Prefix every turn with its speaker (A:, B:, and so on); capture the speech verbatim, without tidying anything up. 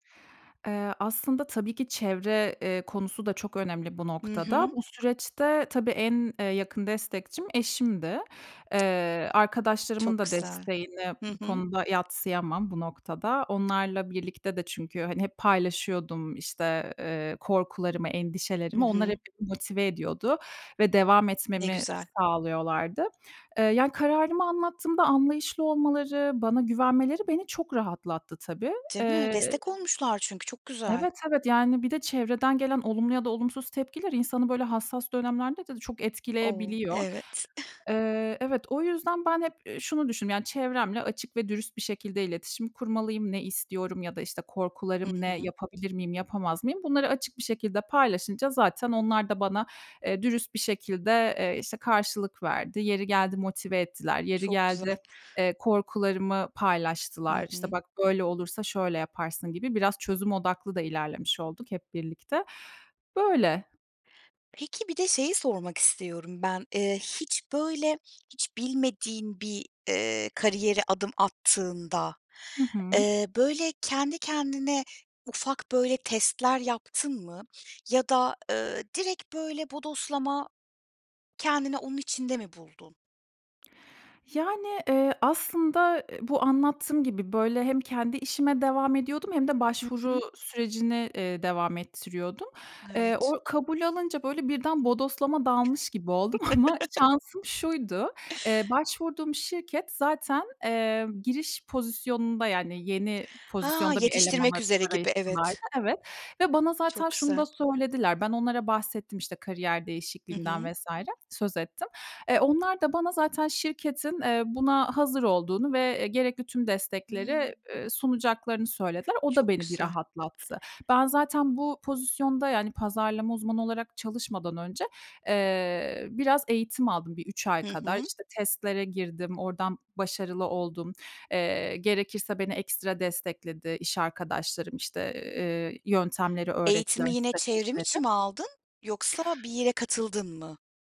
A: Eee, aslında tabii ki çevre, eee, konusu da çok önemli bu
B: Hı
A: noktada.
B: hı.
A: Bu süreçte tabii en, eee, yakın destekçim eşimdi. Eee, arkadaşlarımın
B: Çok
A: da
B: Güzel.
A: desteğini
B: Hı
A: bu
B: hı.
A: konuda yadsıyamam bu noktada. Onlarla birlikte de çünkü, hani, hep paylaşıyordum, işte, eee, korkularımı,
B: Hı
A: endişelerimi. Onlar
B: hı.
A: hep motive ediyordu ve devam
B: Ne
A: etmemi
B: güzel.
A: sağlıyorlardı. Iıı, ya kararımı anlattığımda anlayışlı olmaları, bana güvenmeleri beni çok rahatlattı tabii.
B: Değil mi?
A: Eee
B: Destek olmuşlar çünkü, çok güzel.
A: Evet, evet, yani bir de çevreden gelen olumlu ya da olumsuz tepkiler insanı böyle hassas dönemlerde de çok
B: O!
A: etkileyebiliyor.
B: Evet.
A: Eee, evet, o yüzden, ben hep, ııı, şunu düşündüm: Yani çevremle açık ve dürüst bir şekilde iletişim kurmalıyım, ne istiyorum ya da, işte,
B: Hı
A: korkularım ne
B: hı.
A: yapabilir miyim yapamaz mıyım bunları açık bir şekilde paylaşınca zaten onlar da bana, eee, dürüst bir şekilde, eee, işte, karşılık verdi. Yeri geldi motive ettiler, yeri
B: Çok
A: geldi,
B: güzel.
A: eee, korkularımı
B: Hı
A: paylaştılar. İşte,
B: hı.
A: bak böyle olursa şöyle yaparsın gibi biraz çözüm odaklı da ilerlemiş olduk hep birlikte. Böyle.
B: Peki, bir de şeyi sormak istiyorum ben. Eee, hiç böyle, hiç bilmediğin bir, eee, kariyere adım attığında,
A: Hı hı.
B: eee, böyle kendi kendine, ufak böyle testler yaptın mı ya da, ııı, direkt böyle bodoslama kendini onun içinde mi buldun?
A: Yani, eee, aslında, ııı, bu anlattığım gibi böyle hem kendi işime devam ediyordum hem de
B: Hı
A: başvuru
B: hı.
A: sürecini, eee, devam ettiriyordum. Eee,
B: Evet.
A: o kabul alınca böyle birden bodoslama dalmış gibi oldum ama şansım şuydu, eee, başvurduğum şirket zaten, eee, giriş pozisyonunda yani yeni
B: Ha,
A: pozisyonda bir eleman
B: yetiştirmek üzere gibi,
A: [unintelligible]
B: evet.
A: evet. Ve bana zaten
B: Çok
A: şunu da
B: güzel.
A: söylediler. Ben onlara bahsettim, işte, kariyer
B: Hı hı.
A: değişikliğimden vs. söz ettim. E onlar da bana zaten şirketin, eee, buna hazır olduğunu ve gerekli tüm
B: Hımm.
A: destekleri, eee, sunacaklarını söylediler. O da
B: Çok
A: beni bir
B: güzel.
A: rahatlattı. Ben zaten bu pozisyonda, yani pazarlama uzmanı olarak çalışmadan önce, eee, biraz eğitim aldım bir üç ay
B: Hı
A: kadar.
B: hı.
A: İşte, testlere girdim, oradan başarılı oldum. Eee, gerekirse beni ekstra destekledi iş arkadaşlarım. İşte, eee, yöntemleri öğrettiler,
B: Eğitimi yine çevrim içi
A: stratejileri.
B: mi aldın, yoksa bir yere katıldın mı?